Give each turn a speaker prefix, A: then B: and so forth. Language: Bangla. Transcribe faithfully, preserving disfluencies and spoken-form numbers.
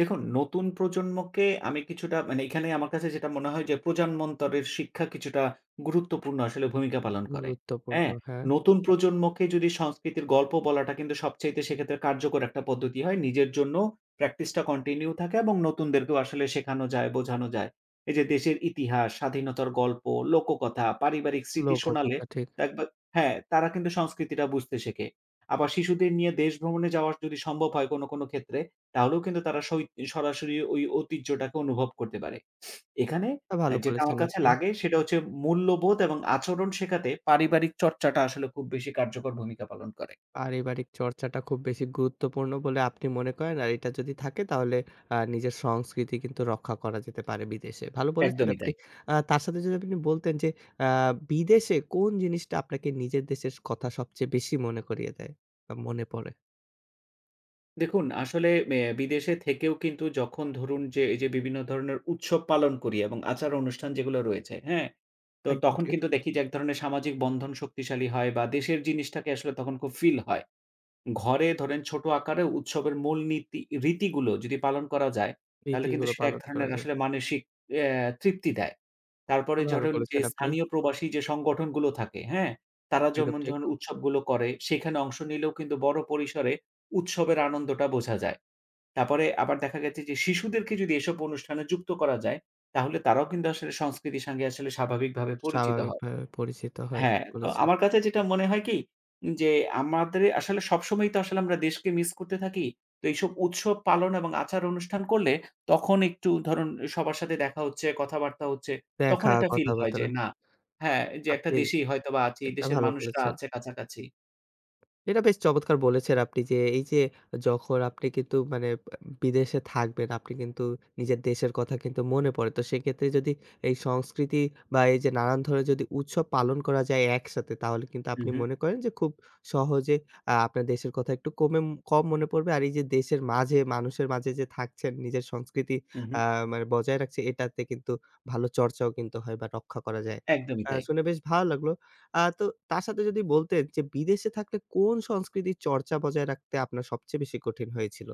A: দেখুন, নতুন প্রজন্মকে আমি কিছুটা মানে এখানেই আমার কাছে যেটা মনে হয় যে প্রজান্মন্তরের শিক্ষা কিছুটা গুরুত্বপূর্ণ আসলে ভূমিকা পালন করে। অ্যা
B: গুরুত্বপূর্ণ হ্যাঁ।
A: নতুন প্রজন্মকে যদি সংস্কৃতির গল্প বলাটা কিন্তু সবচাইতে সেক্ষেত্রে কার্যকর একটা পদ্দতি হয়, নিজের জন্য প্র্যাকটিসটা কন্টিনিউ থাকে এবং নতুনদেরকেও আসলে শেখানো যায় বোঝানো যায়। এই যে দেশের ইতিহাস, স্বাধীনতার গল্প লোককথা, পারিবারিক স্মৃতি
B: লোককথা
A: শোনালে
B: কথা ঠিক।
A: দেকবে হ্যাঁ, তারা কিন্তু সংস্কৃতিটা বুঝতে সেকে। আবার শিশুদের নিয়ে দেশ ভ্রমণে যাওয়া যদি সম্ভব হয় কোন, কোন ক্ষেত্রে তাহলেও কিন্তু তারা সহিত সরাসরি ওই ঐতিহ্যটাকে অনুভব করতে পারে। এখানে
B: তা
A: অ্যা
B: ভালো
A: যেটা
B: বলেছেন,
A: আমার কাছে
B: আপনি।
A: লাগে সেটা হচ্ছে মূল্যবোধ এবং আচরণ শেখাতে পারিবারিক চর্চাটা আসলে খুব বেশি কার্যকর ভূমিকা পালন করে।
B: পারিবারিক চর্চাটা খুব বেশি গুরুত্বপূর্ণ বলে আপনি মনে করেন আর এটা যদি থাকে তাহলে আ নিজের সংস্কৃতি কিন্তু রক্ষা করা যেতে পারে বিদেশে। ভালো বলেছেন,
A: একদমই
B: আপনি।
A: তাই।
B: আ তার সাথে যদি আপনি বলতেন যে আ বিদেশে কোন জিনিসটা আপনাকে নিজের দেশের কথা সবচেয়ে বেশি মনে করিয়ে দেয় বা মনে পরে?
A: দেখুন, আসলে ম্যা বিদেশে থেকেও কিন্তু যখন ধরুন যে এই যে বিভিন্ন ধরনের উৎসব পালন করি এবং আচার অনুষ্ঠান যেগুলো রয়েছে হ্যাঁ? তো
B: একদম
A: তখন
B: ঠিক।
A: কিন্তু দেখি যে এক ধরনের সামাজিক বন্ধন শক্তিশালী হয় বা দেশের জিনিসটাকে আসলে তখন খুব ফিল হয়। ঘরে ধরেন ছোট আকারে উৎসবের মূল নীতি, রীতিগুলো যদি পালন করা যায় তাহলে কিন্তু
B: রীতিগুলো
A: সেটা এক
B: পালন করা
A: ধরণের
B: যায়।
A: আসলে মানসিক অ্যা তৃপ্তি দেয়।
B: তা
A: তারপরে যখন
B: ভালো
A: ঝুরুন যে
B: বলেছেন, আপনি।
A: স্থানীয় প্রবাসী যে সংগঠনগুলো থাকে হ্যাঁ? তারা
B: একদম
A: জমুন,
B: ঠিক।
A: যখন উৎসবগুলো করে সেখানে অংশ নিলেও কিন্তু বড় পরিসরে উৎসবের আনন্দটা বোঝা যায়। তারপরে আবার দেখা গেছে যে শিশুদেরকে যদি এসব অনুষ্ঠানে যুক্ত করা যায়, তাহলে তারাও কিন্তু আসলে সংস্কৃতির সাঙ্গে আসলে স্বাভাবিকভাবে পরিচিত
B: স্বাভাবিক
A: হয়।
B: ভাবে পরিচিত হয়
A: হ্যাঁ, আ
B: বলেছে।
A: আমার কাছে যেটা মনে হয় কি যে আমাদেরই আসলে সবসময়ই তো আসলে আমরা দেশকে মিস করতে থাকি। তো এইসব উৎসব পালন এবং আচার অনুষ্ঠান করলে তখন একটু ধরুন সবার সাথে দেখা হচ্ছে কথাবার্তা হচ্ছে তখন
B: দেখা
A: একটা ফিল হয় যে
B: কথাবাত্রা।
A: না হ্যাঁ, যে একটা
B: আপনি
A: দেশেই হয়তোবা আছি
B: এটা
A: দেশের
B: ভালো
A: মানুষরা
B: করেছেন।
A: আছে কাছাকাছি।
B: এটা বেশ চমৎকার বলেছেন, আপনি যে এই যে যখন আপনি কিন্তু মানে ব্যা বিদেশে থাকবেন আপনি কিন্তু নিজের দেশের কথা কিন্তু মনে পড়ে তো, সেক্ষেত্রে যদি এই সংস্কৃতি বা এই যে নানান ধরনের যদি উৎসব পালন করা যায় একসাথে, তাহলে কিন্তু
A: উ
B: আপনি
A: হু।
B: মনে করেন যে খুব সহজে আ আপনার দেশের কথা একটু কমে কম মনে পড়বে আর এই যে দেশের মাঝে মানুষের মাঝে যে থাকছেন নিজের সংস্কৃতি
A: উ
B: আ
A: হু।
B: মানে বজায় রাখছে, এটাতে কিন্তু ভালো চর্চাও কিন্তু হয় বা রক্ষা করা যায়।
A: একদমই
B: আ
A: তাই।
B: শুনে বেশ ভালো লাগলো। আ তো তার সাথে যদি বলতেন, যে বিদেশে থাকলে কোন সংস্কৃতির চর্চা বজায় রাখতে আপনার সবচেয়ে বেশি কঠিন হয়েছিল?